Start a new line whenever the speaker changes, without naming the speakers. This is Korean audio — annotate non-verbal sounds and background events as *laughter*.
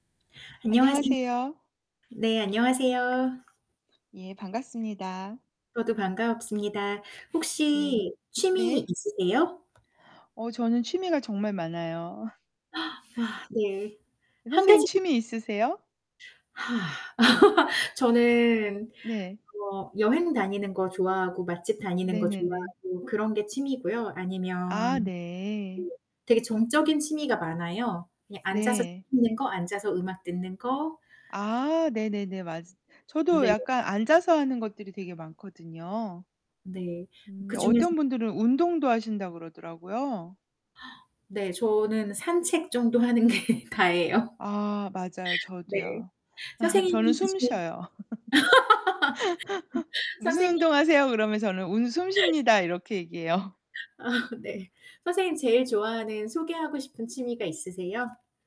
안녕하세
안녕하세요.
네 안녕하세요.
예 반갑습니다.
저도 반갑습니다.
네.
혹시 취미
네.
있으세요?
어 저는 취미가 정말 많아요.
*gasps* 아 네. 1
선생님
가지
취미 있으세요?
*sighs* *laughs* 저는
네.
뭐 여행 다니는 거 좋아하고 맛집 다니는 거
네네네.
좋아하고 그런 게 취미고요. 아니면
아
네
네.
되게 정적인 취미가 많아요. 그냥 앉아서 책
네.
읽는 거, 앉아서 음악 듣는 거
아 네네네. 맞으 저도
네.
약간 앉아서 하는 것들이 되게 많거든요.
네.
음.
그중에서
어떤 분들은 운동도 하신다 그러더라고요.
네. 저는 산책 정도 하는 게 다예요.
아 맞아요.
네.
저도요. *laughs* 저는
선생님은
숨
그중에
쉬어요. *laughs*
*laughs*
"무슨
선생님
운동하세요?" 그러면 "저는 운 숨 쉽니다." 이렇게 얘기해요.
아 네. 선생님 제일 좋아하는 소개하고 싶은 취미가 있으세요?